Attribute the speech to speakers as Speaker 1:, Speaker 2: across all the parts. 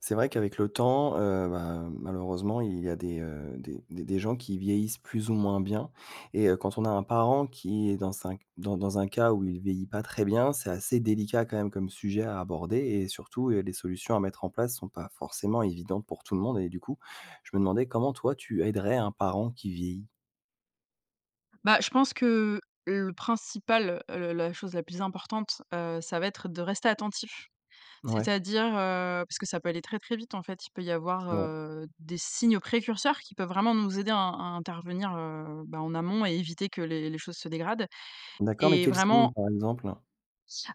Speaker 1: C'est vrai qu'avec le temps, heu, bah, malheureusement, il y a des, heu, des des des gens qui vieillissent plus ou moins bien et heu, quand on a un parent qui est dans un dans dans un cas où il vieillit pas très bien, c'est assez délicat quand même comme sujet à aborder et surtout, heu, les solutions à mettre en place sont pas forcément évidentes pour tout le monde et du coup, je me demandais comment, toi, tu aiderais un parent qui vieillit?
Speaker 2: Bah, je pense que le principal, heu, le la chose la plus importante, heu, ça va être de rester attentif.
Speaker 1: Mouais.
Speaker 2: C'est-à-dire, heu, parce que ça peut aller très, très vite, en fait. Il peut y avoir,
Speaker 1: C'est vrai.
Speaker 2: heu, des signes précurseurs qui peuvent vraiment nous aider à in in intervenir, heu, bah heu, en amont et éviter que les les choses se dégradent.
Speaker 1: D'accord, mais
Speaker 2: Et
Speaker 1: quel signe
Speaker 2: vraiment
Speaker 1: par exemple?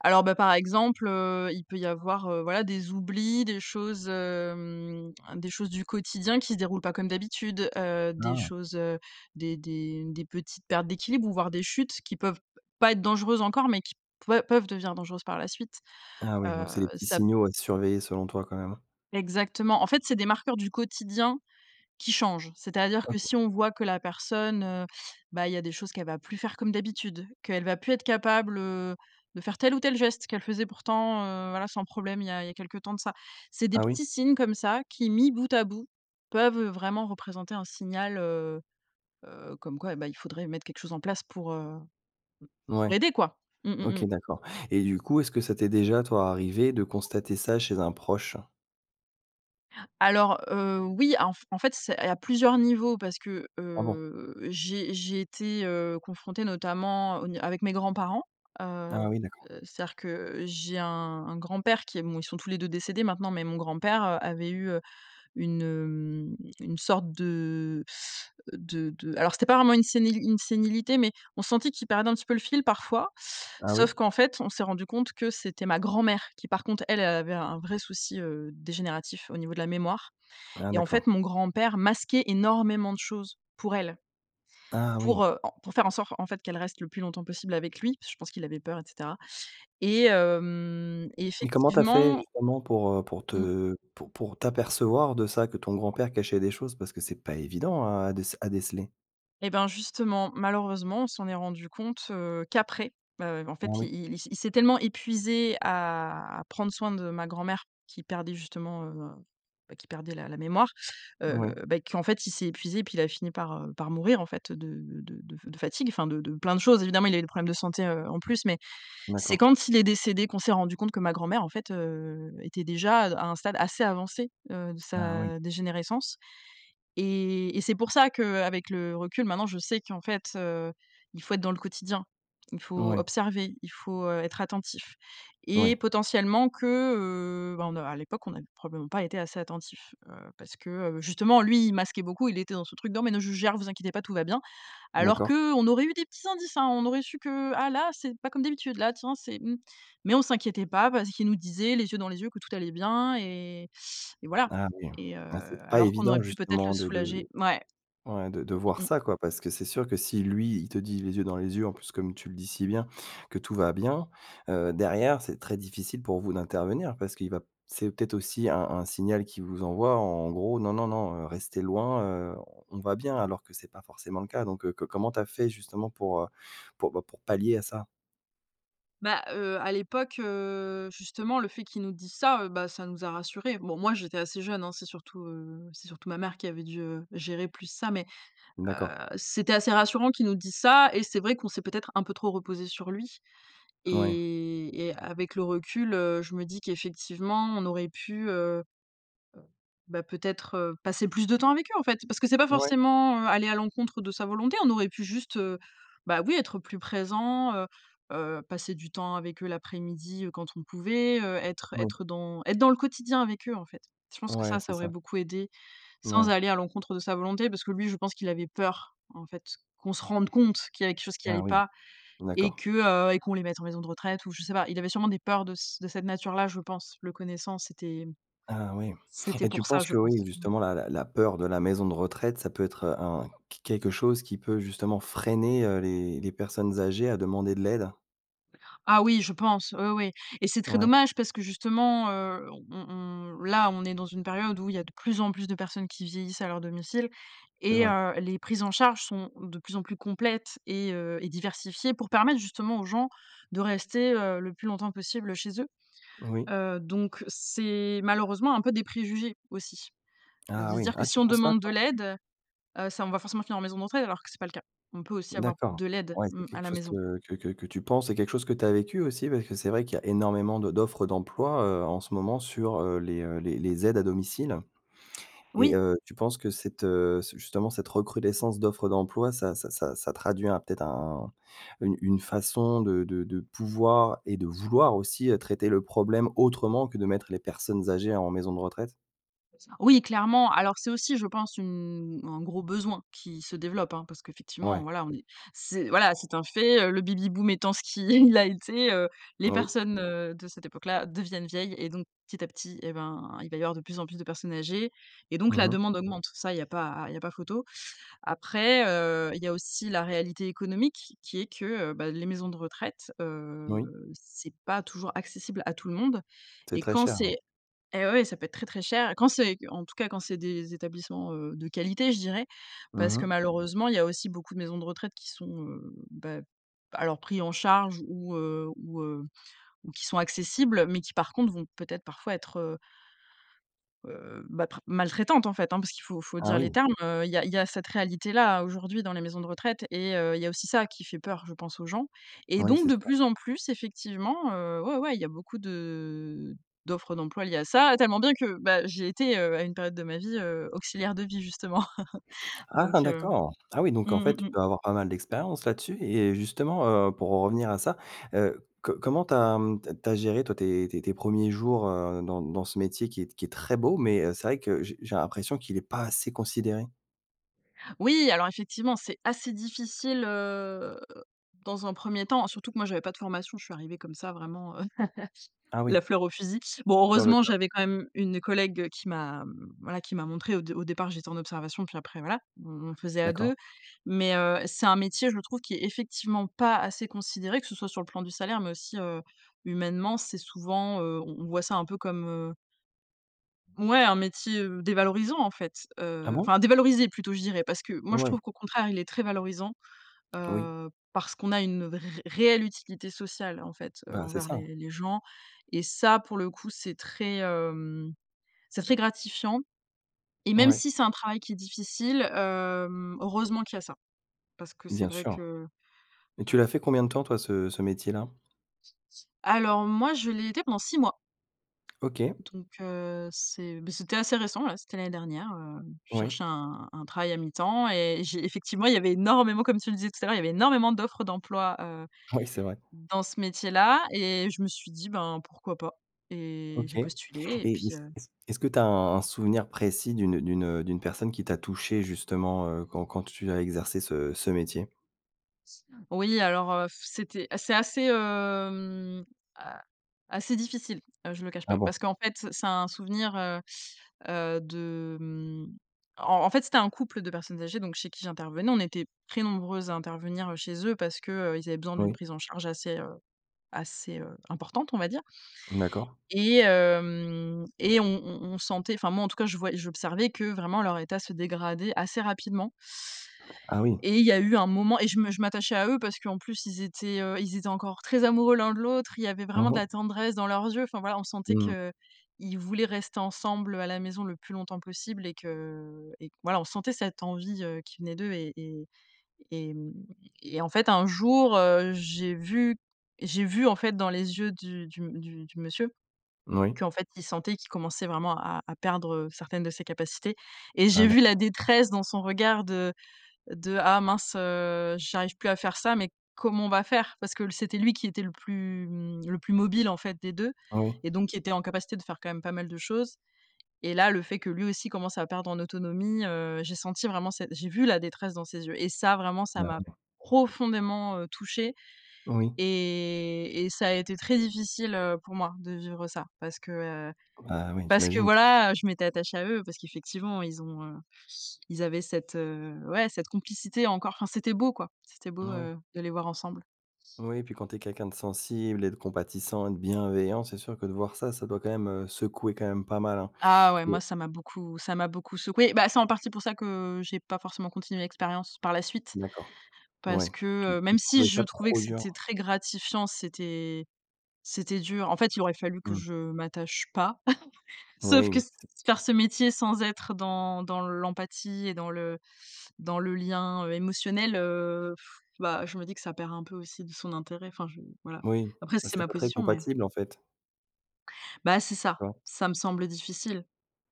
Speaker 2: Alors bah, par exemple, heu, il peut y avoir, heu, voilà, des oublis, des choses, hem, des choses du quotidien qui se déroulent pas comme d'habitude, heu, des
Speaker 1: Ah.
Speaker 2: choses, heu, des des des petites pertes d'équilibre ou voir des chutes qui peuvent p pas être dangereuses encore, mais qui peu peuvent devenir dangereuses par la suite,
Speaker 1: Ah oui,
Speaker 2: heu,
Speaker 1: donc c'est les petits
Speaker 2: ça p
Speaker 1: signaux à surveiller selon toi, quand même, hein?
Speaker 2: Exactement. En fait, c'est des marqueurs du quotidien qui changent. C'est-à-dire que
Speaker 1: OK.
Speaker 2: si on voit que la personne, heu, bah, il y a des choses qu'elle va plus faire comme d'habitude, qu'elle va plus être capable, heu, de faire tel ou tel geste qu'elle faisait pourtant, heu, voilà, sans problème, il y a il y a quelques temps de ça. C'est des
Speaker 1: Ah oui?
Speaker 2: petits signes comme ça qui, mis bout à bout, peuvent vraiment représenter un signal, heu heu, comme quoi et ben il faudrait mettre quelque chose en place pour, heu, m pour
Speaker 1: Ouais.
Speaker 2: aider quoi. Mmh, mmh mh.
Speaker 1: OK, d'accord et du coup, est-ce que ça t'est déjà, toi, arrivé de constater ça chez un proche?
Speaker 2: Alors, heu, oui, en f en fait, c'est et il y a plusieurs niveaux parce que,
Speaker 1: Ah bon?
Speaker 2: heu, j'ai j'ai été, heu, confrontée notamment au n avec mes grands-parents, heu
Speaker 1: Ah oui, d'accord.
Speaker 2: heu, c'est-à-dire que j'ai un un grand-père qui est mou bon, ils sont tous les deux décédés maintenant, mais mon grand-père, heu, avait eu, heu, une, hem, une sorte de de de alors, c'était pas vraiment une séni une sénilité, mais on sentait qu'il perdait un petit peu le fil parfois.
Speaker 1: Ah oui?
Speaker 2: Sauf qu'en fait, on s'est rendus compte que c'était ma grand-mère qui, par contre, elle, elle avait un vrai souci, heu, dégénératif au niveau de la mémoire
Speaker 1: Ah
Speaker 2: et en fait,
Speaker 1: d'accord.
Speaker 2: mon grand-père masquait énormément de choses pour elle.
Speaker 1: Ah oui.
Speaker 2: Pour, heu, en pour faire en sorte en fait qu'elle reste le plus longtemps possible avec lui. Je pense qu'il avait peur et cetera. Et hem et
Speaker 1: Mais comment tu as fait,
Speaker 2: effectivement
Speaker 1: justement, pour, heu, pour
Speaker 2: Mmh.
Speaker 1: te pour pour t'apercevoir de ça, que ton grand-père cachait des choses, parce que c'est pas évident à déc à déceler.
Speaker 2: Et ben, justement, malheureusement, on s'en est rendus compte, heu, qu'après. Ben en fait,
Speaker 1: Oui.
Speaker 2: il il il s'est tellement épuisé à à prendre soin de ma grand-mère qui perdait justement, heu, ben qui perdait la la mémoire, heu,
Speaker 1: Ouais.
Speaker 2: beh qu'en fait, il s'est épuisé et puis il a fini par, heu, par mourir en fait de de de de fatigue. Enfin de de plein de choses évidemment, il y a eu des problèmes de santé, heu, en plus, mais, c'est
Speaker 1: D'accord.
Speaker 2: quand il est décédé qu'on s'est rendus compte que ma grand-mère en fait, heu, était déjà à d à un stade assez avancé, heu, de
Speaker 1: Ah oui.
Speaker 2: sa dégénérescence et et c'est pour ça qu'avec le recul, maintenant, je sais qu'en fait, heu, il faut être dans le quotidien. Il faut
Speaker 1: Ouais.
Speaker 2: observer, il faut, heu, être attentif et
Speaker 1: Oui.
Speaker 2: potentiellement que, heu, ben n heu, à l'époque, on a probablement pas été assez attentifs, heu, parce que, heu, justement, lui, il masquait beaucoup, il était dans ce truc de: «Non mais non je gère, ne vous inquiétez pas, tout va bien». Alors
Speaker 1: D'accord.
Speaker 2: qu'on aurait eu des petits indices, hein. On aurait su que: «Ah là, c'est pas comme d'habitude là, là tiens c'est mmh». Mais on s'inquiétait pas parce qu'il nous disait les yeux dans les yeux que tout allait bien et et voilà
Speaker 1: Ah oui.
Speaker 2: et heu,
Speaker 1: Là c'est pas
Speaker 2: alors qu'on aurait
Speaker 1: évident
Speaker 2: pu peut-être le
Speaker 1: justement de
Speaker 2: soulager.
Speaker 1: de
Speaker 2: Mouais.
Speaker 1: ouais de de voir
Speaker 2: Mmh, mmh mh.
Speaker 1: ça quoi, parce que c'est sûr que si, lui, il te dit les yeux dans les yeux en plus, comme tu le dis si bien, que tout va bien, heu, derrière, c'est très difficile pour vous d'intervenir. Parce qu'il va c'est peut-être aussi un un signal qu'il vous envoie en gros: «Non non non, heu, restez loin, heu, on on va bien» alors que c'est pas forcément le cas. Donc heu, co comment tu as fait justement pour, heu, pour, ben pour pour pallier à ça?
Speaker 2: Bah, heu, à l'époque, heu, justement le fait qu'ils nous disent ça, heu, bah, ça nous a rassurés. Bon, moi j'étais assez jeune, hein. C'est surtout heu, c'est surtout ma mère qui avait dû gérer plus ça mais, heu,
Speaker 1: D'accord.
Speaker 2: c'était assez rassurant qu'ils nous disent ça et c'est vrai qu'on s'est, peut-être, un peu trop reposées sur lui.
Speaker 1: Ouais.
Speaker 2: Et et avec le recul, heu, je me dis qu'effectivement, on aurait pu, heu heu, bah, peut-être, heu, passer plus de temps avec eux en fait. Parce que c'est pas
Speaker 1: Ouais.
Speaker 2: forcément, heu, aller à l'encontre de sa volonté, on aurait pu juste, heu, bah, oui, être plus présents, heu heu, passer du temps avec eux l'après-midi, heu, quand on pouvait, heu, être
Speaker 1: Oui.
Speaker 2: être dans être dans le quotidien avec eux, en fait. Je pense que
Speaker 1: Ouais,
Speaker 2: ça,
Speaker 1: c'est
Speaker 2: ça aurait
Speaker 1: ça.
Speaker 2: beaucoup aidé, sans
Speaker 1: Ouais.
Speaker 2: aller à l'encontre de sa volonté parce que lui, je pense qu'il avait peur, en fait, qu'on se rende compte qu'il y avait quelque chose qui
Speaker 1: Ah
Speaker 2: allait
Speaker 1: oui.
Speaker 2: pas et
Speaker 1: D'accord.
Speaker 2: que heu, et qu'on les mette en maison de retraite ou je sais pas. Il avait sûrement des peurs de c de cette nature-là je pense. Le connaissant, c'était, hem,
Speaker 1: Ah oui.
Speaker 2: c'était
Speaker 1: Et tu
Speaker 2: pour ça
Speaker 1: penses
Speaker 2: je
Speaker 1: que, oui,
Speaker 2: pense. Mmh
Speaker 1: justement la la la peur de la maison de retraite, ça peut être un q quelque chose qui peut justement freiner, heu, les les personnes âgées à demander de l'aide?
Speaker 2: Ah oui, je pense! Oui, oui. Et c'est très
Speaker 1: Ouais.
Speaker 2: dommage parce que justement, heu, on on là on est dans une période où il y a de plus en plus de personnes qui vieillissent à leur domicile
Speaker 1: C'est
Speaker 2: et
Speaker 1: vrai.
Speaker 2: heu, les prises en charge sont de plus en plus complètes et heu, et diversifiées pour permettre justement aux gens de rester, heu, le plus longtemps possible chez eux.
Speaker 1: Oui.
Speaker 2: Heu, donc c'est malheureusement un peu des préjugés, aussi. Heu, de
Speaker 1: Ah
Speaker 2: se
Speaker 1: oui.
Speaker 2: dire que
Speaker 1: Ah,
Speaker 2: si
Speaker 1: tu
Speaker 2: on
Speaker 1: penses ça
Speaker 2: demande de
Speaker 1: toi?
Speaker 2: l'aide, heu, ça on va forcément finir en maison de retraite alors que, c'est pas le cas. On peut aussi avoir
Speaker 1: D'accord,
Speaker 2: de l'aide,
Speaker 1: ouais. C'est
Speaker 2: mmh, à
Speaker 1: quelque
Speaker 2: la
Speaker 1: chose
Speaker 2: maison.
Speaker 1: que que que que tu penses. C'est quelque chose que tu as vécu aussi, parce que c'est vrai qu'il y a énormément de d'offres d'emploi, heu, en ce moment sur, heu, les, heu, les les aides à domicile. Et
Speaker 2: Oui!
Speaker 1: heu, tu penses que cette heu, ce justement cette recrudescence d'offres d'emploi, ça ça ça ça traduit un, peut-être un une une façon de de de pouvoir et de vouloir aussi, heu, traiter le problème autrement que de mettre les personnes âgées en maison de retraite?
Speaker 2: C'est ça. Oui, clairement. Alors c'est aussi, je pense une un gros besoin qui se développe, hein, parce qu'effectivement,
Speaker 1: Ouais.
Speaker 2: voilà, on est c'est voilà. C'est un fait, heu, le Baby-boom étant ce qui est, il a été, heu, les
Speaker 1: Oui.
Speaker 2: personnes, heu, de cette époque-là deviennent vieilles et donc petit à petit eh ben, il va y avoir de plus en plus de personnes âgées et donc
Speaker 1: Mmh
Speaker 2: la
Speaker 1: mh.
Speaker 2: demande augmente. Ça, il y a pas il y a pas photo. Après, heu, il y a aussi la réalité économique qui est que, heu, bah les maisons de retraite, heu,
Speaker 1: Moui.
Speaker 2: c'est pas toujours accessible à tout le monde
Speaker 1: C'est
Speaker 2: et
Speaker 1: très
Speaker 2: quand
Speaker 1: cher oui.
Speaker 2: c'est et ouais, ça peut être très, très cher et quand c'est en tout cas quand c'est des établissements, heu, de «qualité», je dirais,
Speaker 1: Mmh
Speaker 2: parce que
Speaker 1: mh.
Speaker 2: malheureusement, il y a aussi beaucoup de maisons de retraite qui sont, heu, bah alors pris en charge ou, heu, ou, heu, ou qui sont accessibles, mais qui par contre vont peut-être parfois être, heu heu, bah pr maltraitantes en fait, hein. Parce qu'il faut il faut
Speaker 1: Ah
Speaker 2: dire les
Speaker 1: oui!
Speaker 2: termes, heu, il y a il y a cette réalité-là aujourd'hui dans les maisons de retraite et heu, il y a aussi ça qui fait peur, je pense aux gens et
Speaker 1: Oui,
Speaker 2: donc
Speaker 1: c'est
Speaker 2: de
Speaker 1: sûr.
Speaker 2: plus en plus, effectivement, heu, ouais ouais, il y a beaucoup de d'offres d'emplois liées à ça. Tellement bien que, bah, j'ai été, heu, à une période de ma vie, heu, auxiliaire de vie justement. Donc
Speaker 1: Ah
Speaker 2: heu,
Speaker 1: d'accord. Ah oui
Speaker 2: mmh,
Speaker 1: donc en
Speaker 2: mmh
Speaker 1: fait, tu
Speaker 2: mh.
Speaker 1: peux avoir pas mal d'expérience là-dessus et justement, heu, pour en revenir à ça, heu, co comment tu as, mmh, tu as tu as géré toi tes tes tes 1ers jours, heu, dans dans ce métier qui est t qui est très beau, mais, heu, c'est vrai que j'ai j'ai l'impression qu'il est pas assez considéré?
Speaker 2: Oui, alors effectivement, c'est assez difficile, heu, dans un 1er temps. Surtout que moi je n'avais pas de formation, je suis arrivée comme ça vraiment, heu,
Speaker 1: Ah oui.
Speaker 2: la fleur au fusil. Bon,
Speaker 1: Sur le
Speaker 2: heureusement,
Speaker 1: tas.
Speaker 2: j'avais quand même une collègue qui m'a mmh, voilà qui m'a montré au dé au départ, j'étais en observation et puis après voilà, on on faisait à
Speaker 1: D'accord.
Speaker 2: 2. Mais heu, c'est un métier, je trouve qui est effectivement pas assez considéré, que ce soit sur le plan du salaire, mais aussi, heu, humainement, c'est souvent heu, on on voit ça un peu comme heu mouais, un métier, heu, dévalorisant en fait,
Speaker 1: Ah
Speaker 2: heu,
Speaker 1: bon?
Speaker 2: enfin dévalorisé plutôt, je dirais. Parce que moi, je
Speaker 1: Mouais.
Speaker 2: trouve qu'au contraire, il est très valorisant,
Speaker 1: Oui.
Speaker 2: heu, parce qu'on a une ré réelle utilité sociale en fait, heu,
Speaker 1: Bah, c'est
Speaker 2: envers
Speaker 1: ça.
Speaker 2: les les gens. Et ça pour le coup, c'est très, hem, c'est très gratifiant et même
Speaker 1: Ouais.
Speaker 2: si c'est un travail qui est difficile, hem, heureusement qu'il y a ça. Parce que c'est
Speaker 1: Bien
Speaker 2: vrai
Speaker 1: sûr
Speaker 2: que,
Speaker 1: et tu
Speaker 2: heu
Speaker 1: l'as fait combien de temps toi ce ce métier-là?
Speaker 2: Alors, moi, je l'ai été pendant 6 mois
Speaker 1: OK.
Speaker 2: donc heu, c'est, beh, c'était assez récent, là, c'était l'année dernière, heu, je
Speaker 1: Oui.
Speaker 2: cherchais un un travail à mi-temps et j'ai effectivement il y avait énormément, comme tu le disais tout à l'heure, il y avait énormément d'offres d'emploi, heu,
Speaker 1: Oui, c'est vrai.
Speaker 2: dans ce métier-là et je me suis dit: «Ben, pourquoi pas?» et
Speaker 1: OK
Speaker 2: j'ai postulé et
Speaker 1: et
Speaker 2: puis,
Speaker 1: est-ce
Speaker 2: heu
Speaker 1: est-ce est-ce que tu as un un souvenir précis d'une d'une, heu, d'une personne qui t'a touchée justement, heu, quand quand tu as exercé ce ce métier?
Speaker 2: Oui, alors, heu, c'était c'est assez, hem, a assez difficile. Ah, je le cache
Speaker 1: Ah
Speaker 2: pas.
Speaker 1: bon.
Speaker 2: Parce qu'en fait, c'est un souvenir, heu heu, de mmh, en en fait, c'était un couple de personnes âgées, donc chez qui j'intervenais. On était très nombreuses à intervenir, heu, chez eux. Parce que, heu, ils avaient besoin d'une
Speaker 1: Oui.
Speaker 2: prise en charge assez, heu, assez, heu, importante, on va dire
Speaker 1: D'accord.
Speaker 2: et hem, et on on on sentait, enfin, moi en tout cas, je vois j'observais que vraiment, leur état se dégradait assez rapidement
Speaker 1: Ah oui.
Speaker 2: et il y a eu un moment et je me je m'attachais à eux. Parce qu'en plus ils étaient, heu, ils étaient encore très amoureux l'un de l'autre. Il y avait
Speaker 1: Ah
Speaker 2: vraiment de
Speaker 1: bon?
Speaker 2: la tendresse dans leurs yeux. Enfin voilà, on sentait
Speaker 1: Mmh mh.
Speaker 2: qu'ils voulaient rester ensemble à la maison le plus longtemps possible et que et que voilà. On sentait cette envie, heu, qui venait d'eux et et et mmh et en fait un jour, heu, j'ai vu j'ai vu en fait dans les yeux du du m du du monsieur
Speaker 1: Oui.
Speaker 2: qu'en fait, il sentait qu'il commençait vraiment à à perdre, heu, certaines de ses capacités et
Speaker 1: Ah
Speaker 2: j'ai vu
Speaker 1: d'accord.
Speaker 2: la détresse dans son regard de de: «Ah mince, heu, j'arrive plus à faire ça, mais comment on va faire?». Parce que c'était lui qui était le plus mmh, le plus mobile en fait des 2
Speaker 1: Ah oui.
Speaker 2: et donc il était en capacité de faire quand même pas mal de choses et là, le fait que lui aussi commençait à perdre en autonomie, heu, j'ai senti vraiment cette j'ai vu la détresse dans ses yeux et ça, vraiment, ça
Speaker 1: Bah
Speaker 2: m'a
Speaker 1: oui.
Speaker 2: profondément, heu, touchée
Speaker 1: Oui.
Speaker 2: et et ça a été très difficile, heu, pour moi de vivre ça. Parce que, heu,
Speaker 1: Ah oui,
Speaker 2: parce que
Speaker 1: j'imagine.
Speaker 2: voilà, heu, je m'étais attachée à eux. Parce qu'effectivement ils ont, heu, ils avaient cette, heu, ouais, cette complicité encore. Enfin, c'était beau quoi. C'était beau,
Speaker 1: Moui.
Speaker 2: heu, de les voir ensemble.
Speaker 1: Oui, puis, quand tu es quelqu'un de sensible, et de compatissant, et de bienveillant, c'est sûr que de voir ça, ça doit, quand même, heu, secouer, quand même pas mal, hein.
Speaker 2: Ah ouais, moi,
Speaker 1: [unintelligible]
Speaker 2: ça m'a beaucoup ça m'a beaucoup secouée. Bah, c'est en partie pour ça que j'ai pas forcément continué l'expérience par la suite.
Speaker 1: D'accord.
Speaker 2: Parce
Speaker 1: Ouais,
Speaker 2: que,
Speaker 1: tu
Speaker 2: heu,
Speaker 1: trou
Speaker 2: même si
Speaker 1: trouvais
Speaker 2: je
Speaker 1: ça
Speaker 2: trouvais que
Speaker 1: trop dur.
Speaker 2: c'était très gratifiant, c'était c'était dur. En fait, il aurait fallu que
Speaker 1: Mmh.
Speaker 2: je m'attache pas. Sauf
Speaker 1: Oui,
Speaker 2: que
Speaker 1: mais
Speaker 2: s
Speaker 1: c'est
Speaker 2: faire ce métier sans être dans dans l'empathie et dans le dans le lien, heu, émotionnel, heu, bah, je me dis que ça perd un peu aussi de son intérêt. Enfin, je voilà.
Speaker 1: Oui,
Speaker 2: Après,
Speaker 1: bah
Speaker 2: c'est
Speaker 1: c'est
Speaker 2: ma
Speaker 1: pas très
Speaker 2: position, mais
Speaker 1: compatible en fait.
Speaker 2: Bah, c'est ça.
Speaker 1: D'accord.
Speaker 2: Ça me semble difficile.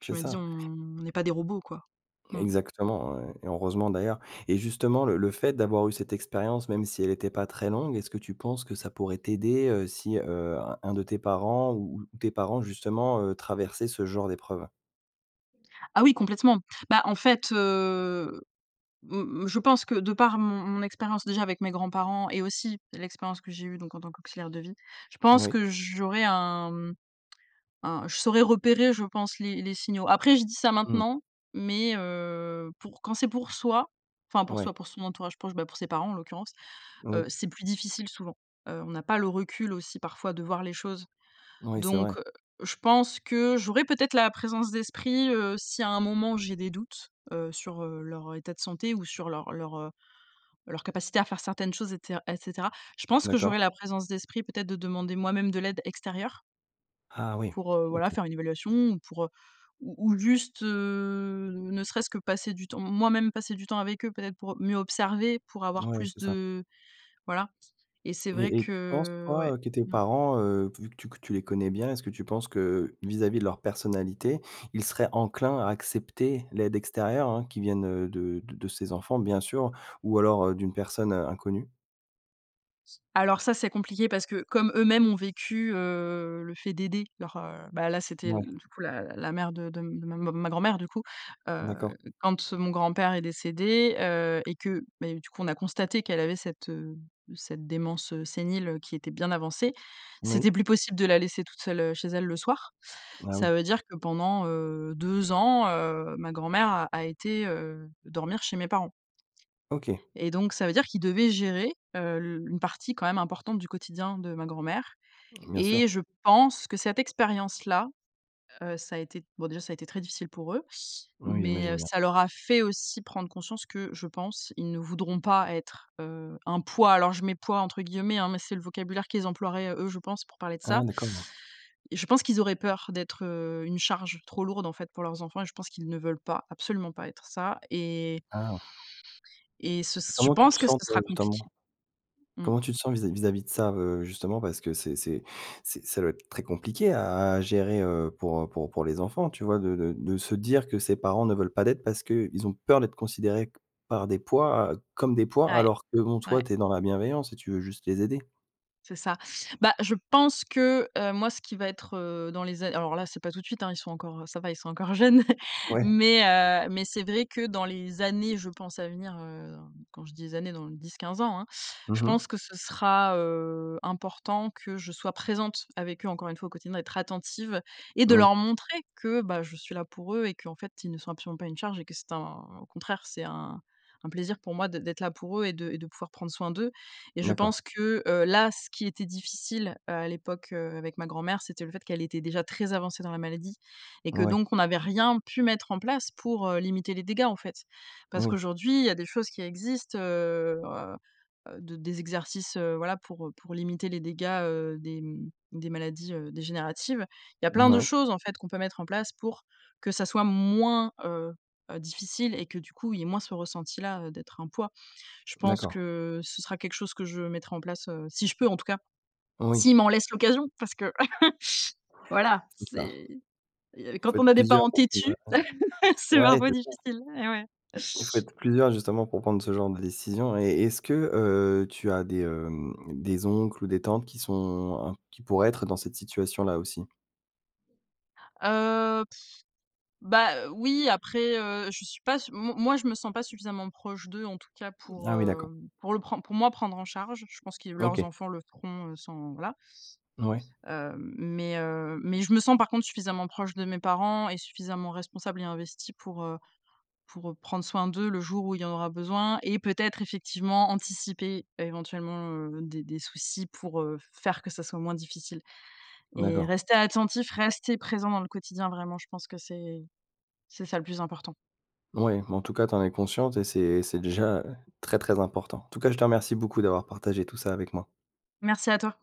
Speaker 2: Je
Speaker 1: C'est
Speaker 2: me dis:
Speaker 1: ça.
Speaker 2: «On on est pas des robots quoi». Mmh.
Speaker 1: Exactement et et heureusement d'ailleurs. Et justement le le fait d'avoir eu cette expérience, même si elle était pas très longue, est-ce que tu penses que ça pourrait t'aider, heu, si, heu, un un de tes parents ou ou tes parents justement, heu, traversaient ce genre d'épreuve?
Speaker 2: Ah oui, complètement. Bah, en fait, heu, m m je pense que de par mon mon expérience déjà avec mes grands-parents et aussi l'expérience que j'ai eu donc en tant qu'auxiliaire de vie, je pense
Speaker 1: Oui.
Speaker 2: que j'aurais un mmh, je saurais repérer, je pense les les signaux. Après je dis ça
Speaker 1: Mmh.
Speaker 2: maintenant, mais heu, pour quand c'est pour soi, enfin pour soi,
Speaker 1: Ouais.
Speaker 2: pour son entourage proche, bah, pour ses parents en l'occurrence, heu,
Speaker 1: Oui.
Speaker 2: c'est plus difficile souvent, heu, on a pas le recul aussi parfois de voir les choses.
Speaker 1: Oui, c'est vrai.
Speaker 2: Donc heu, je pense que j'aurais peut-être la présence d'esprit, heu, si à un moment où j'ai des doutes, heu, sur leur état de santé ou sur leur leur, heu, leur capacité à faire certaines choses et ce et cetera. Je pense que
Speaker 1: D'accord.
Speaker 2: j'aurais la présence d'esprit peut-être de demander moi-même de l'aide extérieure.
Speaker 1: Ah oui,
Speaker 2: Pour, heu, voilà,
Speaker 1: OK.
Speaker 2: faire une évaluation ou pour, heu, ou ou juste, heu, ne serait-ce que passer du temps, moi-même, passer du temps avec eux, peut-être, pour mieux observer, pour avoir
Speaker 1: Ouais,
Speaker 2: plus
Speaker 1: c'est ça.
Speaker 2: de voilà et c'est vrai
Speaker 1: Et et tu penses,
Speaker 2: que,
Speaker 1: toi,
Speaker 2: ouais,
Speaker 1: heu, que tes
Speaker 2: mmh.
Speaker 1: parents, heu, vu que tu tu les connais bien, est-ce que tu penses que, vis-à-vis de leur personnalité, ils seraient enclins à accepter l'aide extérieure, hein, qui vienne de de ses enfants, bien sûr, ou alors, heu, d'une personne, heu, inconnue?
Speaker 2: C alors ça, c'est compliqué parce que comme eux-mêmes ont vécu, heu, le fait d'aider leurs, heu, ben, là, c'était,
Speaker 1: Ouais.
Speaker 2: du coup, la la mère de -de m m ma grand-mère, du coup,
Speaker 1: D'accord.
Speaker 2: heu, quand mon grand-père est décédé, heu et que, ben, du coup, on a constaté qu'elle avait cette, heu, cette démence, heu sénile, heu, qui était bien avancée, c'était
Speaker 1: Oui.
Speaker 2: plus possible de la laisser toute seule, heu, chez elle, le soir.
Speaker 1: Ah oui.
Speaker 2: Ça veut dire que pendant, heu, 2 ans, heu, ma grand-mère a a été, heu, dormir chez mes parents.
Speaker 1: OK.
Speaker 2: Et donc ça veut dire qu'ils devaient gérer, heu, le une partie quand même importante du quotidien de ma grand-mère
Speaker 1: Bien
Speaker 2: et
Speaker 1: sûr.
Speaker 2: je pense que cette expérience-là, heu, ça a été bon, déjà, ça a été très difficile pour eux,
Speaker 1: Oui,
Speaker 2: mais
Speaker 1: j'imagine
Speaker 2: heu,
Speaker 1: bien.
Speaker 2: ça leur a fait aussi prendre conscience que, je pense, ils ne voudront pas être, heu, un poids. Alors je mets «poids» entre guillemets, hein, mais c'est le vocabulaire qu'ils emploieraient, eux, je pense, pour parler de
Speaker 1: Ah
Speaker 2: ça.
Speaker 1: d'accord.
Speaker 2: Et je pense qu'ils auraient peur d'être, heu, une charge trop lourde, en fait, pour leurs enfants et je pense qu'ils ne veulent pas, absolument pas être ça et
Speaker 1: Ah.
Speaker 2: et ce ce je
Speaker 1: Comment tu te
Speaker 2: pense que
Speaker 1: sens,
Speaker 2: ca
Speaker 1: toi,
Speaker 2: sera
Speaker 1: justement?
Speaker 2: compliqué, mmh.
Speaker 1: Comment tu te sens vis-à-vis vis-à-vis de ça, heu, justement, parce que c'est c'est c'est ça doit être très compliqué à à gérer, heu, pour, heu, pour pour les enfants, tu vois, de de de se dire que ses parents ne veulent pas d'aide parce qu'ils ont peur d'être considérés co par des poids, heu, comme des poids,
Speaker 2: Ouais,
Speaker 1: alors que, bon,
Speaker 2: ouais.
Speaker 1: toi, tu es dans la bienveillance et tu veux juste les aider?
Speaker 2: C'est ça. Bah je pense que, heu, moi, ce qui va être, heu, dans les a alors là, c'est pas tout de suite, hein, ils sont encore ça va, ils sont encore jeunes
Speaker 1: Ouais.
Speaker 2: mais heu, mais c'est vrai que dans les années, je pense à venir, heu, quand je dis des années dans 10-15 ans, hein, je
Speaker 1: Mmh mh.
Speaker 2: pense que ce sera, heu, important que je sois présente avec eux encore 1 fois au quotidien, d'être attentive et de
Speaker 1: Oui.
Speaker 2: leur montrer que, bah, je suis là pour eux et qu'en fait, ils ne sont absolument pas une charge et que c'est un au contraire, c'est un un plaisir pour moi d d'être là pour eux et de et de pouvoir prendre soin d'eux, et je
Speaker 1: D'accord.
Speaker 2: pense que, heu, là, ce qui était difficile à l'époque, heu, avec ma grand-mère, c'était le fait qu'elle était déjà très avancée dans la maladie et que
Speaker 1: Ouais.
Speaker 2: donc on n'avait rien pu mettre en place pour, heu, limiter les dégâts en fait. Parce
Speaker 1: Oui.
Speaker 2: qu'aujourd'hui, il y a des choses qui existent, heu heu, d des exercices, heu, voilà, pour, heu, pour limiter les dégâts, heu, des, mmh, des maladies, heu, dégénératives. Il y a plein
Speaker 1: N
Speaker 2: de
Speaker 1: ouais.
Speaker 2: choses en fait qu'on peut mettre en place pour que ça soit moins, heu heu, difficile et que du coup, il y ait moins ce ressenti là, heu, d'être un poids. Je pense
Speaker 1: D'accord.
Speaker 2: que ce sera quelque chose que je mettrai en place, heu, si je peux en tout cas,
Speaker 1: Oui.
Speaker 2: s'ils m'en laissent l'occasion parce que voilà,
Speaker 1: C'est ça.
Speaker 2: c'est
Speaker 1: Il
Speaker 2: quand
Speaker 1: faut
Speaker 2: on
Speaker 1: être
Speaker 2: a des
Speaker 1: plusieurs,
Speaker 2: parents têtus,
Speaker 1: [unintelligible]
Speaker 2: c'est
Speaker 1: ouais,
Speaker 2: parfois
Speaker 1: c'est ça.
Speaker 2: difficile et ouais.
Speaker 1: Il faut être plusieurs justement pour prendre ce genre de décision et est-ce que, heu, tu as des, hem, des oncles ou des tantes qui sont, en qui pourraient être dans cette situation-là aussi?
Speaker 2: Heu, bah heu, oui, après, heu, je suis pas s m moi je me sens pas suffisamment proche d'eux en tout cas pour,
Speaker 1: Ah oui,
Speaker 2: heu,
Speaker 1: d'accord.
Speaker 2: pour le pren pour moi prendre en charge, je pense que leurs
Speaker 1: OK.
Speaker 2: enfants le feront, heu, sans voilà
Speaker 1: Ouais.
Speaker 2: heu, mais heu, mais je me sens par contre suffisamment proche de mes parents et suffisamment responsable et investie pour, heu, pour, heu, prendre soin d'eux le jour où il y en aura besoin et peut-être effectivement anticiper éventuellement, heu, des des soucis pour, heu, faire que ça soit moins difficile, et
Speaker 1: D'accord.
Speaker 2: rester attentif, rester présent dans le quotidien, vraiment, je pense que c'est c'est ça le plus important.
Speaker 1: Ouais, mais en tout cas, tu en es consciente, et c'est c'est déjà très, très important. En tout cas, je te remercie beaucoup d'avoir partagé tout ça avec moi.
Speaker 2: Merci à toi.